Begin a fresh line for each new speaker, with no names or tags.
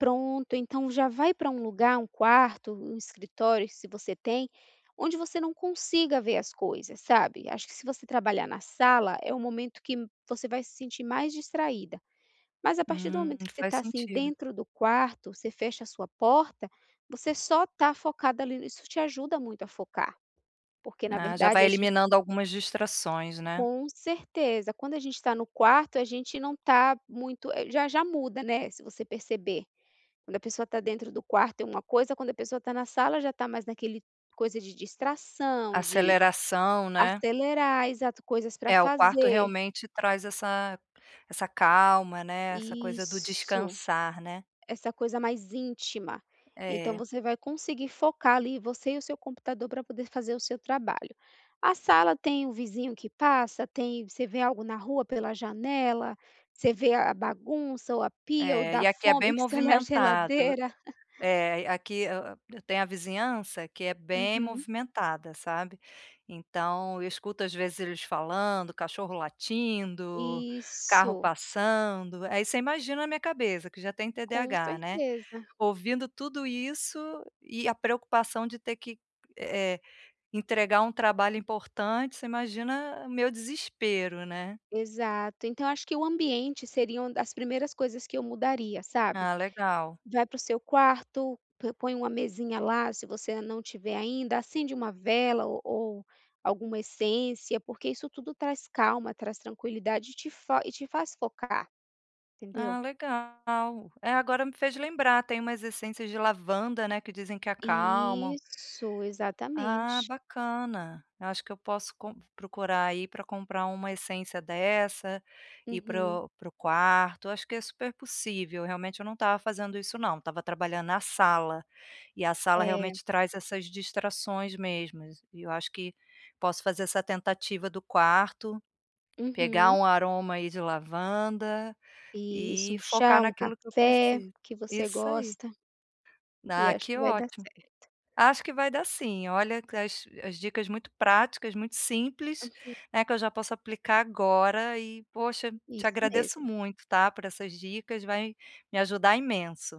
Pronto, então já vai pra um lugar, um quarto, um escritório se você tem, onde você não consiga ver as coisas, sabe? Acho que se você trabalhar na sala é o momento que você vai se sentir mais distraída. Mas a partir do
Hum,
momento que você
faz
está assim
sentido.
dentro do quarto, você fecha a sua porta, você só está focada ali, isso te ajuda muito a focar. Porque na
Ah já
verdade
vai
a gente
eliminando algumas distrações, né.
Com certeza, quando a gente tá no quarto a gente não tá muito, já já muda, né, se você perceber. Quando a pessoa tá dentro do quarto é uma coisa, quando a pessoa tá na sala já tá mais naquele coisa de distração de
Aceleração, né.
acelerar, exato, coisas para
É, o quarto
fazer.
realmente traz essa essa calma, né, essa coisa do
Isso,
descansar, né.
essa coisa mais íntima. Então,
É.
vai conseguir focar ali, você e o seu computador para poder fazer o seu trabalho. A sala tem o vizinho que passa, tem, você vê algo na rua pela janela, você vê a bagunça ou a pia ou
É, e
dá
aqui é bem
fome que está na
movimentado,
geladeira.
é, aqui eu tenho a vizinhança que é bem
Uhum.
movimentada, sabe. Então eu escuto às vezes eles falando, cachorro latindo, carro
Isso.
passando, aí você imagina a minha cabeça que já tem
Com
TDAH, né.
certeza.
Ouvindo tudo isso e a preocupação de ter que, eh, entregar um trabalho importante, você imagina o meu desespero, né.
Exato, então acho que o ambiente seria uma das primeiras coisas que eu mudaria, sabe?
Ah legal.
Vai pro seu quarto, põe uma mesinha lá, se você não tiver ainda, acende uma vela ou ou alguma essência, porque isso tudo traz calma, traz tranquilidade e te fo e te faz focar, entendeu?
Ah legal. É agora me fez lembrar tem umas essências de lavanda, né, que dizem que acalmam.
Isso,
Ah
exatamente.
bacana, eu acho que eu posso com procurar aí pra comprar uma essência dessa, ir para
Uhum.
o para o quarto. Acho que é super possível, realmente eu não estava fazendo isso não, estava trabalhando na sala, e a sala
É.
realmente traz essas distrações mesmo. E eu acho que posso fazer essa tentativa do quarto, pegar
Uhum.
um aroma aí de lavanda,
Isso,
e
um chá,
focar
um
naquilo que eu
café,
preciso
que você
Isso aí.
gosta. E
Ah
acho
que
que vai dar
ótimo.
certo.
Acho que vai dar sim, olha, as as dicas muito práticas, muito simples,
Aham.
né, que eu já posso aplicar agora e poxa te
Isso
agradeço
mesmo.
muito tá por essas dicas, vai me ajudar imenso.